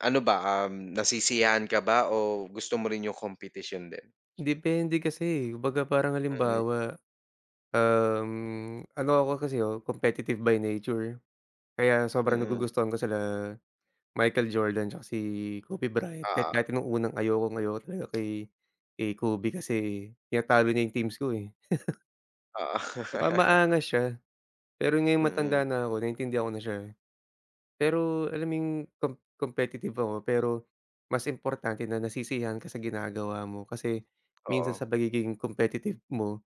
Ano ba, um, nasisiyahan ka ba o gusto mo rin yung kompetisyon din? Depende kasi, eh, kumbaga parang Mm. halimbawa. Uhm, ano ako kasi, oh, competitive by nature, kaya sobrang Mm. nagugustuhan ko sila Michael Jordan tsaka si Kobe Bryant, kahit Oo. dati nung unang ayokong ayoko talaga kay kay Kobe kasi tinatalo niya yung teams ko, eh. Oo. Tsaka maangas siya pero ngayon Mm. matanda na ako naiintindihan ko na siya, eh. Pero alam mo yung comp competitive ako pero mas importante na nasisiyahan ka sa ginagawa mo, kasi minsan Oo. sa pagiging competitive mo,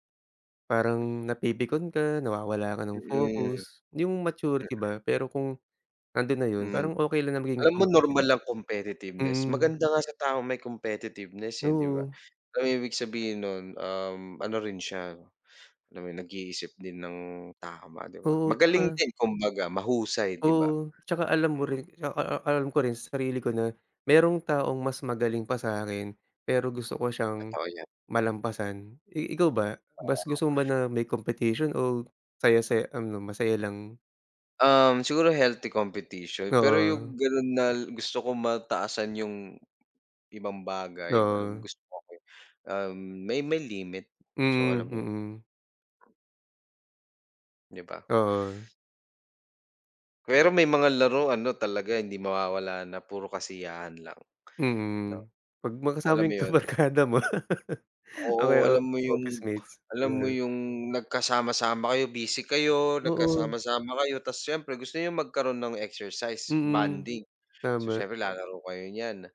parang napipikon ka nawawala ka ng Mm. focus, yung maturity Mm. ba pero kung nandun na yun Hmm. parang okay lang na maging Alam mo normal competitive. lang competitiveness Mm. maganda nga sa taong may competitiveness, eh, 'di ba? Oo. Alam mo ibig sabihin nun, uhm, ano rin siya, alam mo nag-iisip din ng tama, 'di ba? Oo, Magaling tsaka din kumbaga mahusay, 'di ba? Oo, tsaka alam mo Mm. rin a a alam ko rin sa sarili ko na merong taong mas magaling pa sa'kin pero gusto ko siyang Totoo 'yan. malampasan. I ikaw ba mas Oo. gusto mo ba na may competition o saya-saya ano masaya lang? Um, siguro healthy competition pero yung Oo. ganun nal gusto ko mataasan yung ibang bagay alam mo Oo. gus okey, uhm, may may limit. So, Mm, alam mo yun. mm. 'Di ba? Oo. Pero may mga laro ano talaga hindi mawawala na puro kasiyahan lang, 'no? Mm, pag Alam makasama mo yung yun. kabarkada mo. O, Oo, kaya alam mo yung officemates, alam mo yun. yung nagkasama-sama kayo busy kayo, Oo. nagkasama-sama kayo tas siyempre gusto niyong magkaroon ng exercise, Mm, bonding, so, tama. siyempre lalaro kayo niyan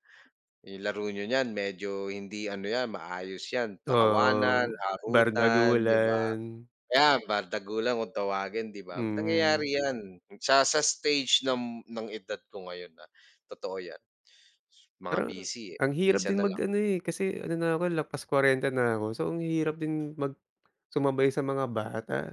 yung laro n'yo niyan medyo hindi ano 'yan maayos 'yan Ah, tawanan, uhm, harutan, 'di ba, bardagulan. ayan bardagulan kung tawagin, 'di ba, Mm. nangyayari 'yan sa sa stage nam ng edad ko ngayon na totoo 'yan. Mga Parang busy, eh, ang hirap minsan din na mag lang. ano, eh, kasi ano na ako lampas 40 na ako so, ang hirap din mag sumabay sa mga bata.